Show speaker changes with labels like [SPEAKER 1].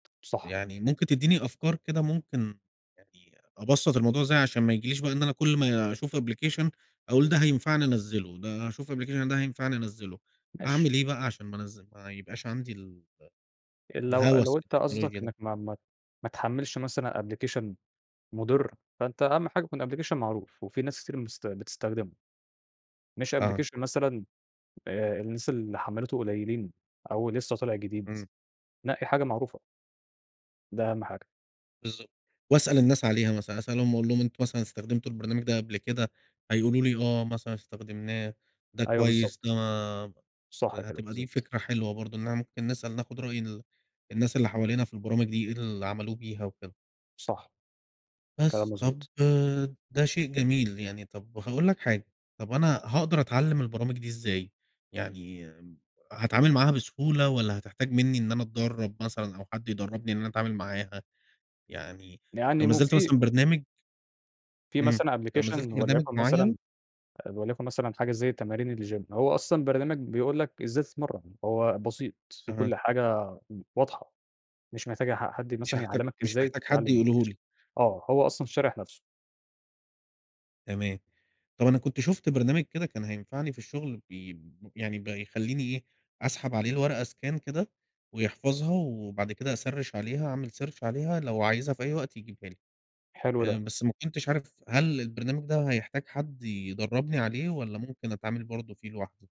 [SPEAKER 1] صح.
[SPEAKER 2] يعني ممكن تدّيني أفكار كده ممكن يعني أبسَّط الموضوع إزاي عشان ما يجيليش بقى إن أنا كل ما أشوف application أقول ده هينفعني، أنزّله، ده أشوف application ده هينفعني، أنزّله.
[SPEAKER 1] ماشي.
[SPEAKER 2] أعمل إيه بقى عشان ما أنزل ما يبقاش عندي ال آآ
[SPEAKER 1] آآ، لو
[SPEAKER 2] الهَوَس
[SPEAKER 1] لو انت
[SPEAKER 2] بالتكنولوجيا
[SPEAKER 1] قصدك
[SPEAKER 2] ده؟
[SPEAKER 1] إنّك ما ما ما تحمِّلش مثلًا application مُضِر، فأنت أهَم حاجة يكون application معروف وفي ناس كتير مست بتستخدمه. مش
[SPEAKER 2] آه.
[SPEAKER 1] application مثلًا آآ، الناس اللي حمِّلته قليّلين أو لسّه طالع جديد،
[SPEAKER 2] إمم.
[SPEAKER 1] نقي حاجة معروفة. ده أهَم حاجة.
[SPEAKER 2] بالضبط. وأسأل الناس عليها مثلًا، أسألهم وأقول لهم: "أنتم مثلًا استخدمتوا البرنامج ده قبل كده؟" هيقولوا لي آه، مثلًا استخدمناه ده
[SPEAKER 1] أيوه
[SPEAKER 2] كويس ده
[SPEAKER 1] بالضبط.
[SPEAKER 2] ما
[SPEAKER 1] صح
[SPEAKER 2] آآ
[SPEAKER 1] كده،
[SPEAKER 2] هتبقى دي
[SPEAKER 1] بالضبط.
[SPEAKER 2] فكرة حلوة برضه إنّنا ممكن نسأل ناخُد رأي ال الناس اللي حوالينا في البرامج دي، إيه اللي عملوه بيها وكده.
[SPEAKER 1] صح. كلام
[SPEAKER 2] بس، طَب
[SPEAKER 1] مضبوط.
[SPEAKER 2] ده شيء جميل، يعني طَب هاقول لك حاجة، طَب أنا هاقدر أتعلّم البرامج دي إزاي؟ يعني هاتعامل معاها بسهولة والّا هتحتاج منّي إن أنا أتدرّب مثلًا أو حد يدرّبني إن أنا أتعامل معاها؟ يعني لو
[SPEAKER 1] يعني
[SPEAKER 2] نزّلت
[SPEAKER 1] مُفي
[SPEAKER 2] مثلًا برنامج
[SPEAKER 1] فيه
[SPEAKER 2] ...إمم،
[SPEAKER 1] مثلًا
[SPEAKER 2] لو
[SPEAKER 1] application
[SPEAKER 2] نزّلت برنامج
[SPEAKER 1] ولَيُكن
[SPEAKER 2] معيّن
[SPEAKER 1] مثلًا آآ وليَكُن مثلًا حاجة زي تمارين الgym. هو أصلًا برنامج بيقول لك إزاي تتمرّن، هو بسيط، فيه
[SPEAKER 2] أها.
[SPEAKER 1] كل حاجة آآ واضحة، مش محتاج ح حد
[SPEAKER 2] مش
[SPEAKER 1] مثلًا
[SPEAKER 2] هاحتاج
[SPEAKER 1] يعلّمك
[SPEAKER 2] مش
[SPEAKER 1] إزاي
[SPEAKER 2] محتاج حد
[SPEAKER 1] تتعلّم
[SPEAKER 2] يقوله
[SPEAKER 1] الapplication
[SPEAKER 2] لي.
[SPEAKER 1] آه، هو أصلًا شارح نَفْسه.
[SPEAKER 2] تمام. طَب أنا كنت شُفت برنامج كده كان هينفعني في الشُغل بي يعني بيخلّيني إيه، أسحب عليه الورقة scan كده ويحفظها وبعد كده أسَرِّش عليها أعمل search عليها لو عايزها في أي وقت يجيبها لي.
[SPEAKER 1] حلو
[SPEAKER 2] آآ
[SPEAKER 1] ده.
[SPEAKER 2] بس ما كنتش عارف هل البرنامج ده هيحتاج حد يدرّبني عليه والّا ممكن أتعامل برضه فيه لوحدي؟